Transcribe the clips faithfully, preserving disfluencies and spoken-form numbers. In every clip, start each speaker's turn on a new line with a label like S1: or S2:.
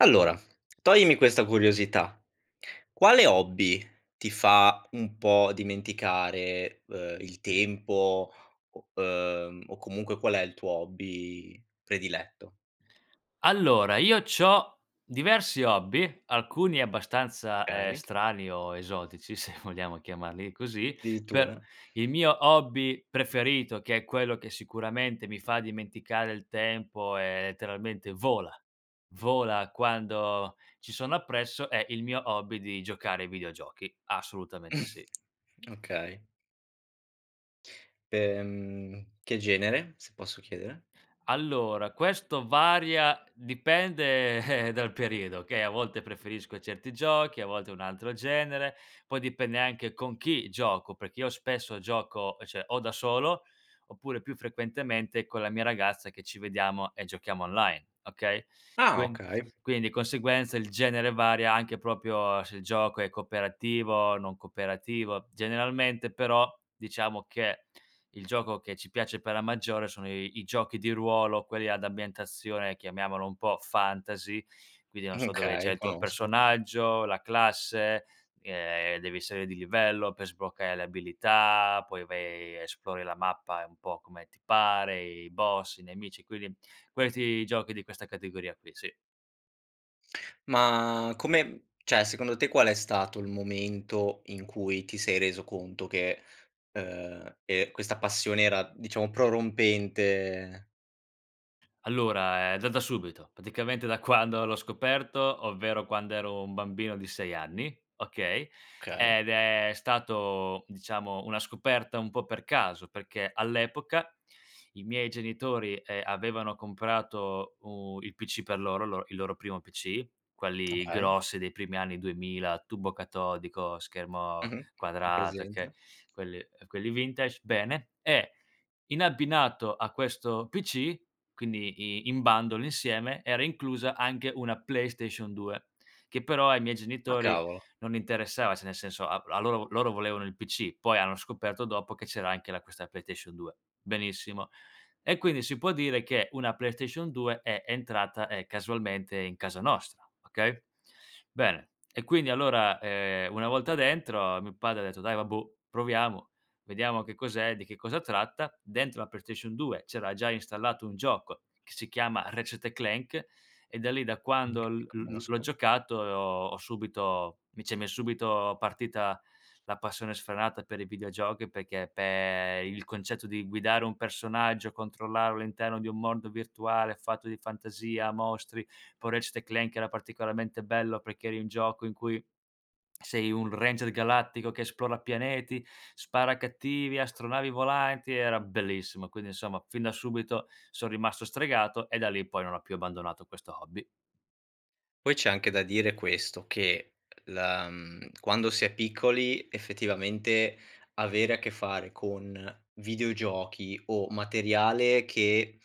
S1: Allora, toglimi questa curiosità. Quale hobby ti fa un po' dimenticare, ehm, il tempo, o uhm, o comunque qual è il tuo hobby prediletto?
S2: Allora, io c'ho diversi hobby, alcuni abbastanza, ehm,
S1: kay.
S2: strani o esotici se vogliamo chiamarli così, per
S1: Dirittura?
S2: il mio hobby preferito, che è quello che sicuramente mi fa dimenticare il tempo e letteralmente vola, vola quando ci sono appresso, è il mio hobby di giocare ai videogiochi, assolutamente sì.
S1: Okay. P ehm, che genere? Se posso chiedere.
S2: Allora, questo varia, dipende dal periodo, che a volte preferisco certi giochi, a volte un altro genere, poi dipende anche con chi gioco, perché io spesso gioco, cioè o da solo oppure più frequentemente con la mia ragazza, che ci vediamo e giochiamo online, okay,
S1: Ah!
S2: quin
S1: Okay.
S2: quindi di conseguenza il genere varia anche propio se il gioco è cooperativo, non cooperativo, generalmente però diciamo che il gioco che ci piace per la maggiore sono i i giochi di ruolo, quelli ad ambientazione, chiamiamolo un po' fantasy, quindi non so dove c'è
S1: Okay,
S2: il tuo
S1: conosco.
S2: personaggio, la classe, ehm, devi salir di livello per sbloccare le abilità, poi vai, e esplori la mappa, ehm, un po' come ti pare, i boss, i nemici, quindi questi giochi di questa categoria qui, sì.
S1: Ma come mhmm, ceh secondo te qual è stato il momento in cui ti sei reso conto che, uhm, ehm, questa passione era diciamo prorompente?
S2: Allora, ehm, da da subito. Praticamente da quando l'ho scoperto, ovvero quando ero un bambino di sei anni, okay,
S1: kay.
S2: ed è stato diciamo una scoperta un po' per caso, perché all'epoca i miei genitori, ehm, avevano comprato u il PC per loro, il lor il loro primo PC, quelli
S1: Okay.
S2: grossi dei primi anni duemila, a tubo catodico, schermo
S1: Mh-mh. Ho
S2: quadrato che
S1: presente.
S2: quelli ehm, quelli vintage, bene, e in abbinato a questo PC, quindi i in bundle, insieme, era inclusa anche una PlayStation 2 che però ai miei
S1: Ah,
S2: genitori
S1: cavolo!
S2: non interessava, ceh nel senso a a loro vo loro volevano il PC, poi hanno scoperto dopo che c'era anche la questa playtation 2. Benissimo, e quindi si può dire che una PlayStation 2 è entrata, ehm, casualmente in casa nostra, okay? Bene e quindi allora, ehm, una volta dentro mio padre ha detto: "Dai vabbuò, proviamo, vediamo che cos'è, di che cosa tratta." Dentro la PlayStation 2 c'era già installato un gioco, che si chiama Ratchet& Clank, e da lì da quando
S1: Okay, li
S2: l l l l'ho
S1: conosco.
S2: giocato e ho ho subito vice m'è subito partita la passione sfrenata per i videogiochi perché pe il concetto di guidare un personaggio, controllarlo all'interno di un mondo virtuale fatto di fantasia, mostri, poi Ratchet& Clank era particolarmente bello perché eri in gioco in cui sei un ranger galattico che esplora pianeti, spara a cattivi, astronavi volanti, era bellissimo. Quindi, insomma, fin da subito son rimasto stregato e da lì in poi non ho più abbandonato questo hobby.
S1: Poi c'è anche da dire questo, che la mhmm, quando si è piccoli effettivamente avere a che fare con videogiochi o materiale che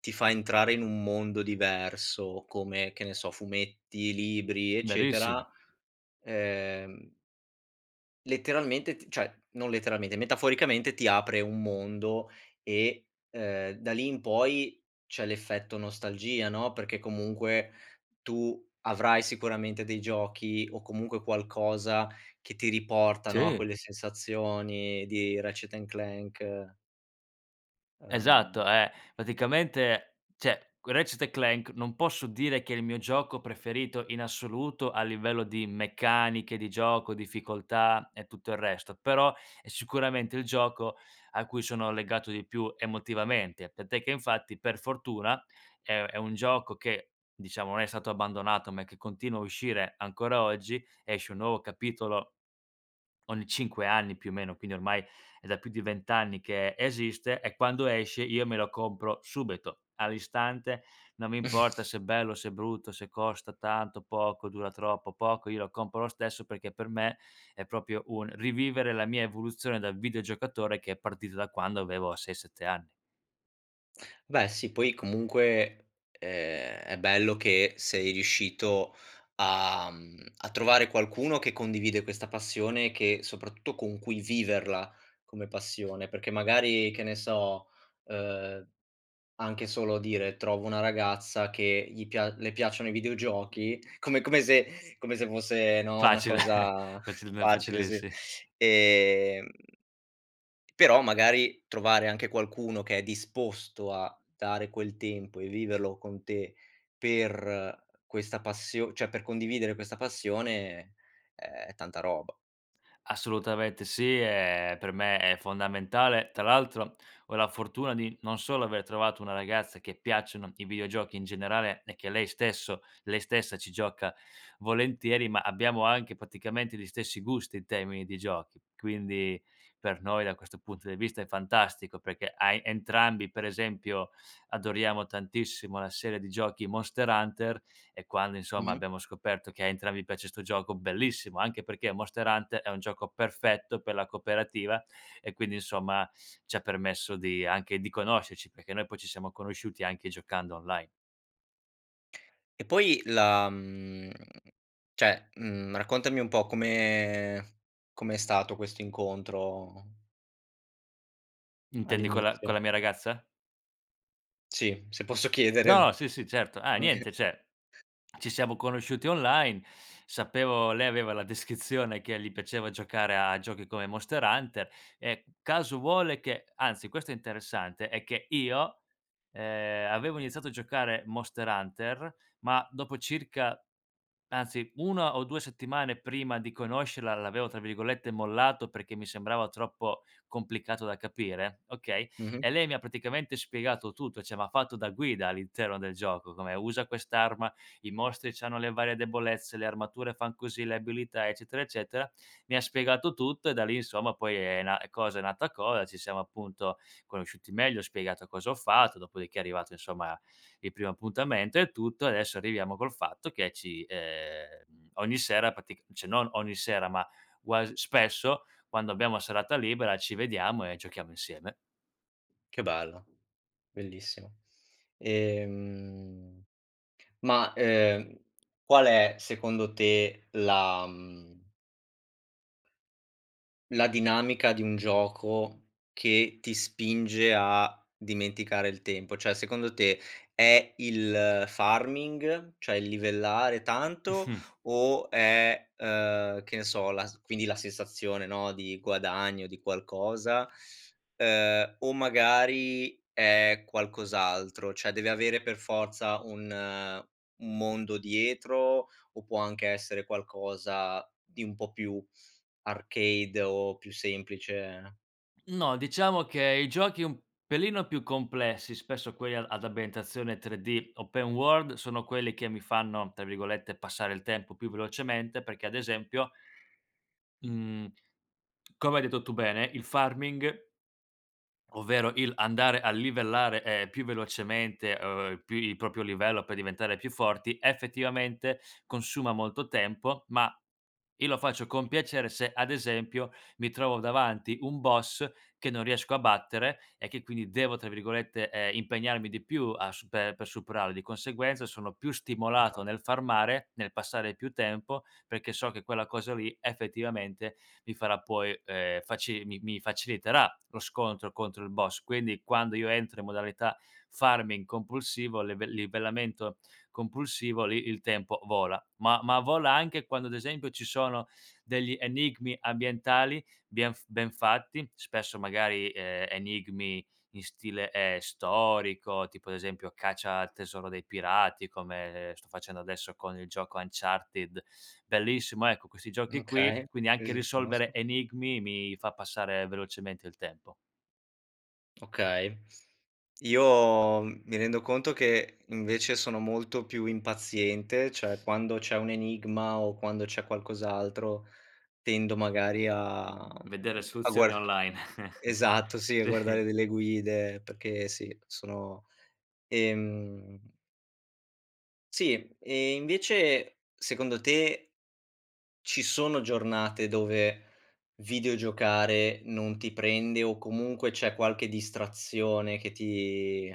S1: ti fa entrare in un mondo diverso, come che ne so fumetti, libri, eccetera,
S2: Verissimo.
S1: ehm letteralmente t cioè, non letteralmente, metaforicamente ti apre un mondo e, ehm, da lì in poi c'è l'effetto nostalgia no, perché comunque tu avrai sicuramente dei giochi, o comunque qualcosa, che ti riportano a
S2: Sì.
S1: quelle sensazioni di Ratchet& Clank
S2: Esatto,
S1: uhm
S2: ehm, praticamente, ceh q Ratchet& Clank non posso dire che è il mio gioco preferito in assoluto a livello di meccaniche, di gioco, difficoltà e tutto il resto, però è sicuramente il gioco a cui sono legato di più emotivamente, tant'è che infatti per fortuna è è un gioco che, diciamo non è stato abbandonato, ma che continua a uscire ancora oggi, esce un nuovo capitolo ogni cinque anni più o meno, quindi ormai è da più di vent anni che esiste e quando esce io me lo compro subito, all'istante, non mi importa se è bello, se è brutto, se costa tanto, poco, dura troppo, poco, io lo compro lo stesso perché per me è propio un rivivere la mia evoluzione dal videogiocatore che è partita da quando avevo sei sette anni.
S1: Beh sì, poi comunque, ehm, è bello che sei riuscito a mhmm, a trovare qualcuno che condivide questa passione, che soprattutto con cui viverla come passione. Perché magari che ne so, uhm, anche solo dire: "Trovo una ragazza che gli pia le piacciono i videogiochi." Come come se come se fosse, no, una
S2: Facile,
S1: cosa
S2: facil n
S1: facile
S2: facile,
S1: sì.
S2: sì.
S1: Ehm però magari trovare anche qualcuno che è disposto a dare quel tempo e viverlo con te per questa passio ceh, per condividere questa passione, è tanta roba.
S2: Assolutamente sì. E per me è fondamentale, tra l'altro ho la fortuna di non solo aver trovato una ragazza che piacciono i videogiochi in generale e che lei stesso lei stessa ci gioca volentieri ma abbiamo anche praticamente gli stessi gusti in termini di giochi, quindi per noi da questo punto di vista è fantastico perché hai entrambi, per esempio adoriamo tantissimo una serie di giochi, Monster Hunter, e quando insomma
S1: Mh-mh.
S2: abbiamo scoperto che a entrambi piace 'sto gioco bellissimo anche perché Monster Hunter è un gioco perfetto per la cooperativa e quindi insomma, ci ha permesso di anche di conoscerci, perché noi poi ci siamo conosciuti anche giocando online.
S1: E poi la mhmm, ceh, mhmm, raccontami un po' come come è stato questo incontro
S2: Intendi con la con
S1: all'inizio?
S2: la mia ragazza?
S1: Sì, se posso
S2: No,
S1: chiedere.
S2: sì, sì, certo. Ah
S1: Oka
S2: niente, ceh ci siamo conosciuti online, sapevo lei aveva la descrizione che gli piaceva giocare a giochi come Monster Hunter e caso vuole che anzi questo è interessante è che io, ehm, avevo iniziato a giocare Monster Hunter ma dopo circa anzi una o due settimane prima di conoscerla l'avevo, tra virgolette, "mollato" perché mi sembrava troppo complicato da capire okay,
S1: Mh-mh.
S2: e lei mi ha praticamente spiegato tutto, ceh m'ha fatto da guida all'interno del gioco come: "Usa quest'arma, i mostri c'hanno le varie debolezze, le armature fan così, le abilità." Eccetera, eccetera. Mi ha spiegato tutto e da lì insomma poi è na cosa è nata cosa, ci siamo appunto conosciuti meglio, spiegato cosa ho fatto, dopodiché è arrivato insomma il primo appuntamento e tutto, e adesso arriviamo col fatto che ci ehm, ogni sera pratic ceh, non ogni sera ma guas spesso, quando abbiamo la serata libera ci vediamo e giochiamo insieme.
S1: Che bello, bellissimo! Ehm, ma, ehm, qual è secondo te la, mhmm la dinamica di un gioco che ti spinge a dimenticare il tempo. Cioè, secondo te è il farming? Cioè il livellare tanto?
S2: Mh-mh.
S1: O è, uhm, che ne so la s quindi la sensazione no, di guadagno, di qualcosa? Ehm, o magari è qualcos'altro? ceh, deve avere per forza un un mondo dietro? O può anche essere qualcosa di un po' più arcade o più semplice?
S2: No, diciamo che i giochi un pelino più complessi, spesso quelli a ad ambientazione 3D, open world, sono quelli che mi fanno, tra virgolette, "passare il tempo" più velocemente perché, ad esempio mhmm, come hai detto tu bene il farming ovvero il andare a livellare, ehm, più velocemente, Uhm, pi il propio livello per diventare più forti, effettivamente consuma molto tempo ma io lo faccio con piacere se, ad esempio, mi trovo davanti un boss che non riesco a battere e che quindi devo, tra virgolette, ehm, "impegnarmi di più" a supe per superarlo, di conseguenza sono più stimolato
S1: Okay.
S2: nel farmare, nel passare più tempo, perché so che quella cosa lì effettivamente mi farà poi, ehm, faci mi mi faciliterà lo scontro contro il boss. Quindi quando io entro in modalità farming compulsivo, leve livellamento compulsivo, lì il tempo vola. Ma ma vola anche quando, ad esempio, ci sono degli enigmi ambientali bien f ben fatti, spesso magari, ehm, enigmi in stile, ehm, storico, tipo ad esempio caccia al tesoro dei pirati, come sto facendo adesso con il gioco Uncharted, bellissimo, ecco questi giochi qui.
S1: Okay.
S2: Quindi
S1: Sì,
S2: anche
S1: sì,
S2: risolvere
S1: conosco.
S2: enigmi mi fa passare velocemente il tempo.
S1: Okay. Io m mi rendo conto che invece sono molto più impaziente. ceh, quando c'è un enigma o quando c'è qualcos'altro tendo magari a
S2: Vedere
S1: mhmm, a
S2: soluzioni
S1: guar
S2: online.
S1: esatto sì, a guardare
S2: Sì.
S1: delle guide perché sì sono, ehm Sì! E invece secondo te ci sono giornate dove videogiocare non ti prende o comunque c'è qualche distrazione che ti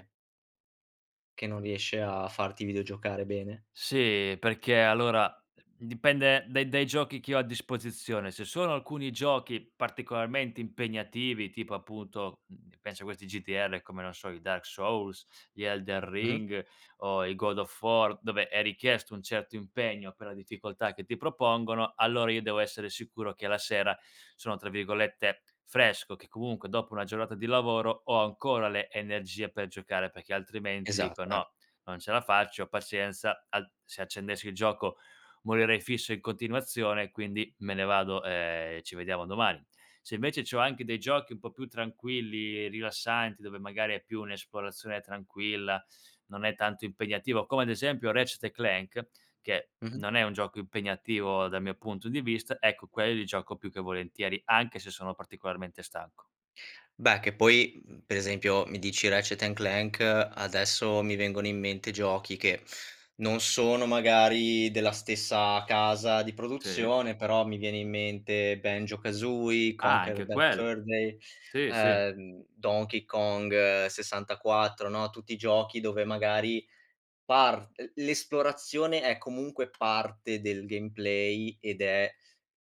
S1: che non riesce a farti videogiocare bene?
S2: Sì, perché allora dipende dai dai giochi che ho a disposizione. Se sono alcuni giochi particolarmente impegnativi, tipo appunto, mhmm, penso a questi GDR, come, non so, i Dark Souls, gli Elden
S1: Mh-mh.
S2: Ring o i God of War, dove è richiesto un certo impegno per la difficoltà che ti propongono, allora io devo essere sicuro che la sera sono, tra virgolette, "fresco", che comunque dopo una giornata di lavoro ho ancora le energie per giocare, perché altrimenti dico:
S1: Esatto, eh.
S2: "No, non ce la faccio, pazienza, al se accendessi il gioco morirei fisso in continuazione, quindi me ne vado, ehm, e ci vediamo domani." Se invece c'ho anche dei giochi un po' più tranquilli, rilassanti, dove magari è più un'esplorazione tranquilla, non è tanto impegnativo, come ad esempio Ratchet& Clank che
S1: Mh-mh.
S2: non è un gioco impegnativo dal mio punto di vista, ecco quelli li gioco più che volentieri, anche se sono particolarmente stanco.
S1: Beh, che poi, mhmm, per esempio mi dici Ratchet& Clank adesso mi vengono in mente giochi che non sono magari della stessa casa di
S2: Sì.
S1: produzione, però mi viene in mente Banjo-Kazooie,
S2: Ah,
S1: Conker's
S2: anche
S1: Bad
S2: quelli.
S1: Fur Day,
S2: Sì, sì.
S1: ehm, Donkey Kong 64, no, tutti i giochi dove magari part l l'esplorazione è comunque parte del gameplay ed è,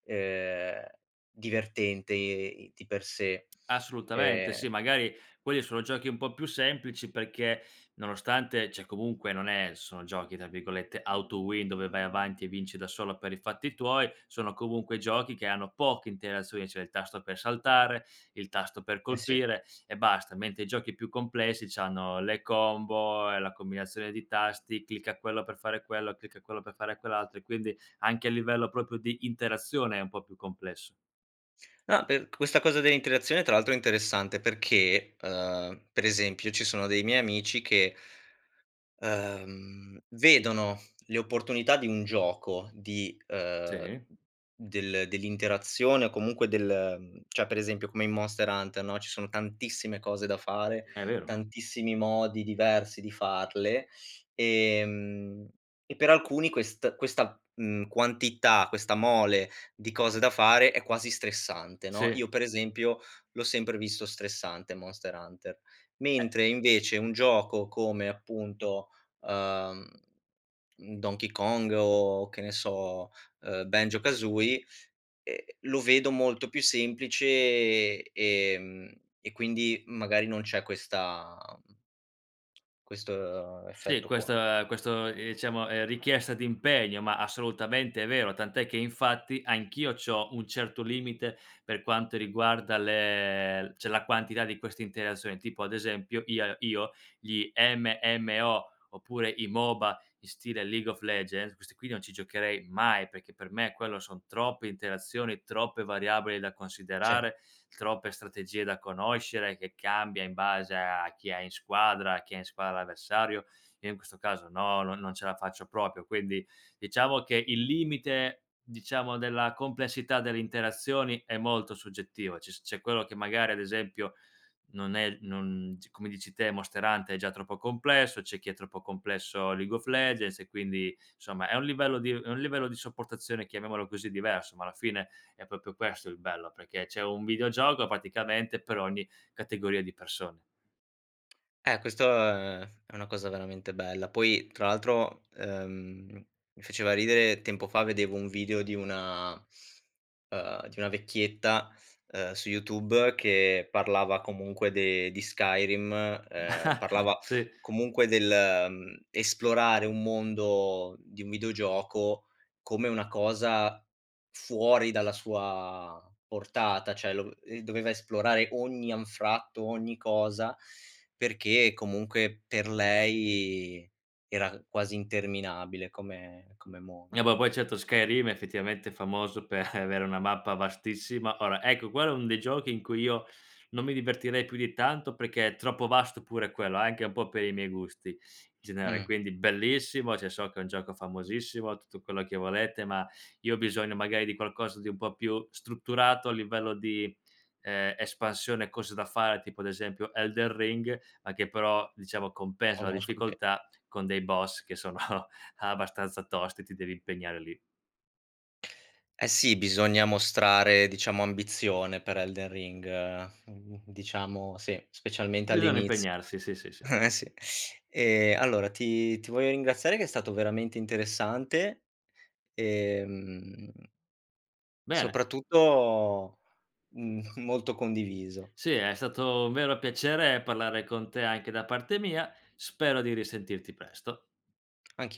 S1: ehm, divertente e e i di per sé.
S2: Assolutamente, sì
S1: Ehm
S2: magari quelli sono giochi un po' più semplici, perché nonostante, ceh comunque non è sono giochi, tra virgolette, "auto-win", dove vai avanti e vinci da solo per i fatti tuoi, sono comunque giochi che hanno poche interazioni, cioè il tasto per saltare, il tasto per
S1: Eh sì.
S2: colpire e basta, mentre i giochi più complessi c'hanno le combo e la combinazione di tasti, clicca quello per fare quello, clicca quello per fare quell'altro e quindi anche a livello propio di interazione è un po' più complesso.
S1: No, per questa cosa dell'interazione tra l'altro è interessante perché, uhm, per esempio ci sono dei miei amici che uhm, vedono le opportunità di un gioco di uhm,
S2: Sì.
S1: del dell'interazione o comunque del ehm, cioè per esempio come in Monster Hunter no, ci sono tantissime cose da fare,
S2: È vero.
S1: tantissimi modi diversi di farle, ehm, e per alcuni quest questa, mhmm, quantità, questa mole di cose da fare è quasi stressante, no,
S2: Sì.
S1: io per esempio l'ho sempre visto stressante Monster Hunter.
S2: Eh
S1: Mentre invece un gioco come appunto, uhm, mhmm, Donkey Kong o che ne so, ehm, Banjo-Kazooie, ehm, lo vedo molto più semplice, ehm, e quindi magari non c'è questa, mhmm questo, uhm,
S2: Sì
S1: effetto
S2: questo
S1: qua.
S2: uhm, questo iciamo, ehm, richiesta d'impegno, ma assolutamente vero, tant'è che infatti anch'io c'ho un certo limite per quanto riguarda le l ceh la quantità di queste interasoni tipo ad esempio ia io gli MMO oppure i MOBA in stile League of Legends, questi qui non ci giocherei mai, perché per me quello son troppe interazioni, troppe variabili da
S1: Sì.
S2: considerare, troppe strategie da conoscere che cambia in base a chi hai in squadra, a chi ha in squadra l'avversario, io in questo caso no, non non ce la faccio propio, quindi diciamo che il limite, diciamo della complessità delle interazioni, è molto soggettiva. Ci s c'è quello che magari ad esempio non è non c come dici te Monster Hunter è già troppo complesso. C'è chi è troppo complesso League of Legends e quindi somma è un livello di uhm, è un livello di sopportazione, chiamiamolo così, diverso, ma alla fine è propio questo il bello, perché c'è un videogioco praticamente per ogni categoria di persone.
S1: Eh, questo, ehm, è una cosa cosa veramente bella. Poi tra l'altro, ehm, mi faceva ridere, tempo fa vedevo un video di una uhm, di una vecchietta, uhm, su YouTube che parlava comunque de di Skyrim, ehm, parlava
S2: Sì.
S1: comunque del, ehm, esplorare un mondo di un videogioco come una cosa fuori dalla sua portata. ceh, lo v ehm, doveva esplorare ogni anfratto, ogni cosa, perché comunque per lei era quasi interminabile come come
S2: Eh,
S1: mondo.
S2: po poi certo, Skyrim effettivamente famoso per avere una mappa vastissima ora, ecco quello è un dei giochi in cui io non mi divertirei più di tanto, perché è troppo vasto pure quello anche un po' per i miei gusti in generale,
S1: Mh.
S2: quindi bellissimo, ceh so che è un gioco famosissimo tutto quello che volete, ma io ho bisogno magari di qualcosa di un po' più strutturato a livello di, ehm, espansione, cose da fare, tipo ad esempio Elden Ring, a che però diciamo compensa la
S1: Conosco, sì.
S2: difficoltà con dei boss che sono abbastanza tosti, ti devi impegnare lì.
S1: Eh sì, bisogna mostrare diciamo ambizione per Elden Ring, mhmm, diciamo sì. Specialmente
S2: Bisogna
S1: all'inizio.
S2: impegnarsi, sì, sì, sì.
S1: Eh, sì. Ehm, allora ti ti voglio ringraziare che è stato veramente interessante, ehm
S2: Bene!
S1: soprattutto m molto condiviso.
S2: Sì, è stato un vero piacere parlare con te anche da parte mia. Spero di risentirti presto.
S1: Anch'i